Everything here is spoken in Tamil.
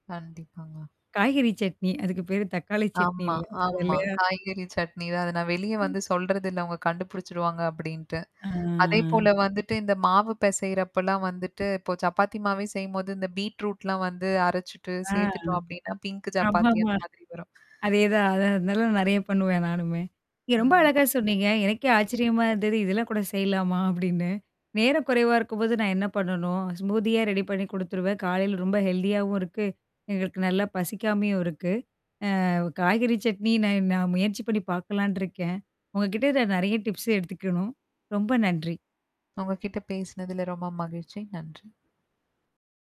கண்டிப்பாங்க. காய்கறி சட்னி. அதுக்கு பேரு தக்காளி சட்னி ஆமா, இல்ல ஆமா. அதுல்லையா? காய்கறி சட்னி தான். அது நான் வெளிய ம். வந்து சொல்றதில்ல அவங்க கண்டுபிடிச்சுடுவாங்க அப்படின்ட்டு. ஆ. அதேபோல வந்துட்டு, இந்த மாவு பெசயறப்பலாம் வந்துட்டு இப்போ சப்பாத்தி மாவே செய்யும்போது இந்த பீட் ரூட்லாம் வந்து அரைச்சுட்டு, ஆ. சேர்த்துட்டோம் அப்படின்னா, பிங்க் சப்பாத்தி அந்த ஆமாமா! மாதிரி வரும். அதேதான். அத அதல்லாம் நெறைய பண்ணுவேன் நானுமே. நீங்க ரொம்ப ம். அழகா சொன்னீங்க. எனக்கே ஆச்சரியமா இருந்தது. இதெல்லாம் கூட செய்யலாமா? அப்படின்னு. நேரம் குறைவா இருக்கும்போது நான் என்ன பண்ணணும்? ஸ்மூதியா ரெடி பண்ணி குடுத்துருவேன். காலையில ரொம்ப ஹெல்தியாவும் இருக்கு. எங்களுக்கு நல்லா பசிக்காமையும் இருக்கு. அ காய்கறி சட்னி நான் நான் முயற்சி பண்ணி பார்க்கலான்ட்டுருக்கேன். உங்க கிட்ட நான் நெறைய டிப்ஸ் எடுத்துக்கணும். ரொம்ப நன்றி! உங்க கிட்ட பேசினதல ரொம்ப மகிழ்ச்சி. நன்றி!